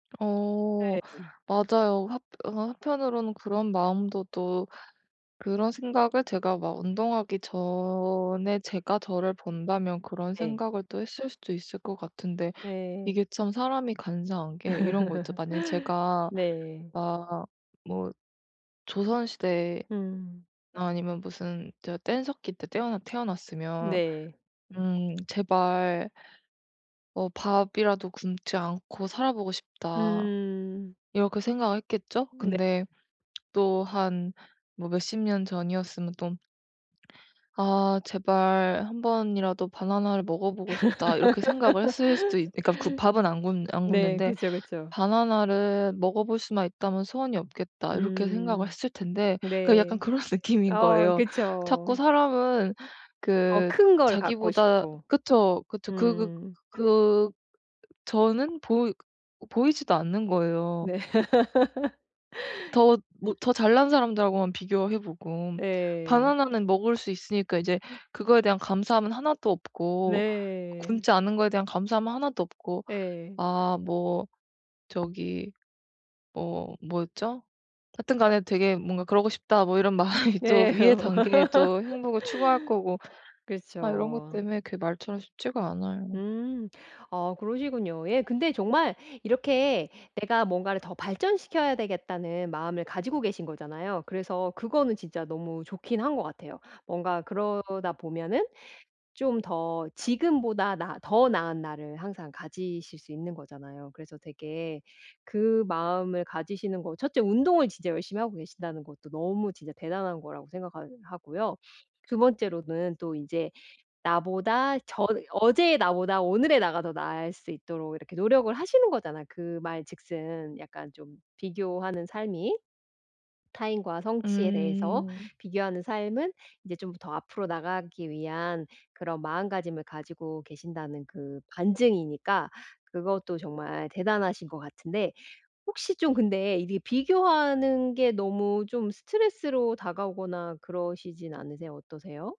네. 어 음. 맞아요. 합 어느 한편으로는 그런 마음도 또 그런 생각을 제가 막 운동하기 전의 제가 저를 본다면 그런 네. 생각을 또 했을 수도 있을 것 같은데 네. 이게 참 사람이 간사한 게 이런 거 있죠. 만약에 제가 네. 막 뭐 조선 시대에나 음. 아니면 무슨 뗀석기 때 때어나 태어났으면 네. 음 '제발' '어 밥이라도 굶지 않고 살아 보고 싶다.' 음. 이렇게 생각을 했겠죠. 네. 근데 또 한 뭐 몇 십 년 전이었으면 또 '아 제발 1 번이라도 바나나를 먹어 보고 싶다.' 이렇게 생각을 했을 수도 있 그러니까 굶 밥은 안 굶 안 네. 굶는데 그죠, 그쵸. '바나나를 먹어 볼 수만 있다면 소원이 없겠다.' 이렇게 생각을 음. 했을 텐데 그러니까 약간 네. 그런 느낌인 어 거예요. 자꾸 그쵸. 사람은 더 그 큰 걸 갖고 자기보다 싶고. 그쵸, 그쵸 그 그 음. 그 저는 보이 보이지도 않는 거예요. 네. 그 더 못 더 잘난 사람들하고만 비교해 보고 예. 바나나는 먹을 수 있으니까 이제 그거에 대한 감사함은 1 도 없고 네. 굶지 않은 거에 대한 감사함은 1 도 없고 예. 아 뭐 저기 뭐 뭐였죠? 하여튼간에 '되게 뭔가 그러고 싶다.' 뭐 이런 마음이 또 네. 위의 어. 단계에 또 행복을 추구할 거고 아 요런 것 그렇죠. 때문에 그게 말처럼 쉽지가 않아요. 음. 어 그러시군요. 예 근데 정말 이렇게 '내가 뭔가를 더 발전시켜야 되겠다.'는 마음을 가지고 계신 거잖아요. 그래서 그거는 진짜 너무 좋긴 한 것 같아요. 뭔가 그러다 보면은 좀 더 지금보다 나 더 나은 나를 항상 가지실 수 있는 거잖아요. 그래서 되게 그 마음을 가지시는 거 1 째 운동을 진짜 열심히 하고 계신다는 것도 너무 진짜 대단한 거라고 생각하 하고요. 2 번째로는 또 인제 나보다 저 어제의 나보다 오늘의 나가 더 나을 수 있도록 이렇게 노력을 하시는 거잖아요 그 말 즉슨 약간 좀 비교하는 삶이. 타인과 성취에 대해서 음. 비교하는 삶은 이제 좀 더 앞으로 나가기 위한 그런 마음가짐을 가지고 계신다는 그 반증이니까 그것도 정말 대단하신 것 같은데 혹시 좀 근데 이게 비교하는 게 너무 좀 스트레스로 다가오거나 그러시진 않으세요? 어떠세요?